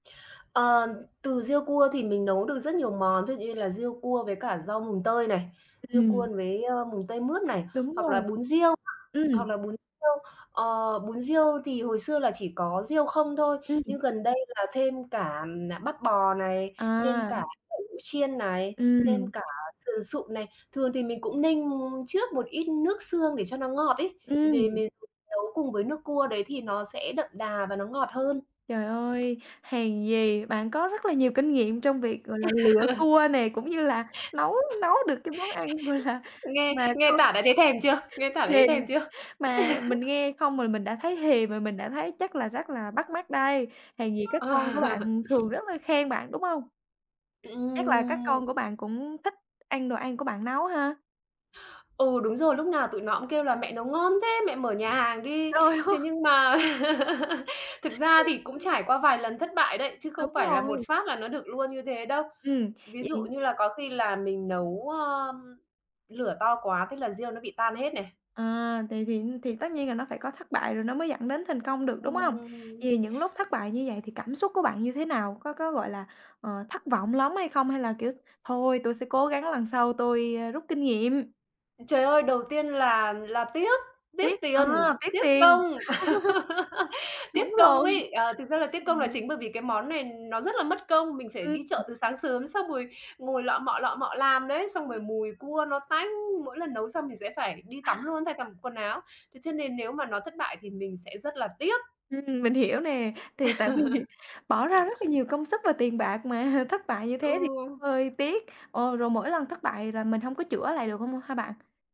Ờ, từ riêu cua thì mình nấu được rất nhiều món, ví dụ như là riêu cua với cả rau mùng tơi này, riêu cua Ừm. với, ờ, mùng tơi, mướp này, Đúng hoặc là rồi. bún riêu hoặc Ừm. là bún riêu, ờ, bún riêu thì hồi xưa là chỉ có riêu không thôi, Ừm. nhưng gần đây là thêm cả, à, bắp bò này, thêm À. cả đậu hũ chiên này, thêm Ừm. cả sườn sụn này. Thường thì mình cũng ninh trước một ít nước xương để cho nó ngọt ấy, về Ừm. mề mình nấu cùng với nước cua đấy thì nó sẽ đậm đà và nó ngọt hơn. Trời ơi! Hèn gì, bạn có rất là nhiều kinh nghiệm trong việc, gọi là, lựa cua nè, cũng như là nấu nấu được cái món ăn, gọi là, Nghe mà nghe không tả đã thấy thèm chưa? Nghe tả đã thấy Thèm. thèm chưa? Mà mình nghe không rồi mình đã thấy thèm rồi, mình đã thấy chắc là rất là bắt mắt đây, hèn gì các Ờ. con của bạn thường rất là khen bạn, đúng không? Chắc là các Ừm. con của bạn cũng thích ăn đồ ăn của bạn nấu ha? Ừ, đúng rồi, lúc nào tụi nó cũng kêu là "Mẹ nấu ngon thế! Mẹ mở nhà hàng đi." Trời ơi! Thế nhưng mà thực ra thì cũng trải qua vài lần thất bại đấy, chứ Đúng không phải là một rồi. phát là nó được luôn như thế đâu. Ừm, Ví dụ vậy như là có khi là mình nấu, ờm, lửa to quá thế là riêu nó bị tan hết này. À, thì thì thì tất nhiên là nó phải có thất bại rồi nó mới dẫn đến thành công được, đúng không? Vậy thì Ừm. những lúc thất bại như vậy thì cảm xúc của bạn như thế nào? Có có, gọi là, ờ, thất vọng lắm hay không hay là, kiểu, thôi tôi sẽ cố gắng lần sau tôi, ờ, rút kinh nghiệm? Trời ơi, đầu tiên là là tiếc, tiếc Tiếc. À! tiền, Tiếc tiếc tiền. công! Đúng Tiếc công rồi, ấy, ờ, thực ra là đúng tiếc công là rồi. chính bởi vì cái món này nó rất là mất công, mình phải đi Ừm. chợ từ sáng sớm xong rồi ngồi lọ mọ, lọ mọ làm đấy, xong rồi Ừm. mùi cua nó tanh! Mỗi lần nấu xong mình sẽ phải đi tắm luôn, thay cả bộ quần áo, thế cho nên nếu mà nó thất bại thì mình sẽ rất là tiếc. Ừm, mình hiểu nè, thì tại vì bỏ ra rất là nhiều công sức và tiền bạc mà thất bại như thế thì Ừ. cũng hơi tiếc. Ờ, rồi mỗi lần thất bại là mình hông có chữa lại được hông ha bạn?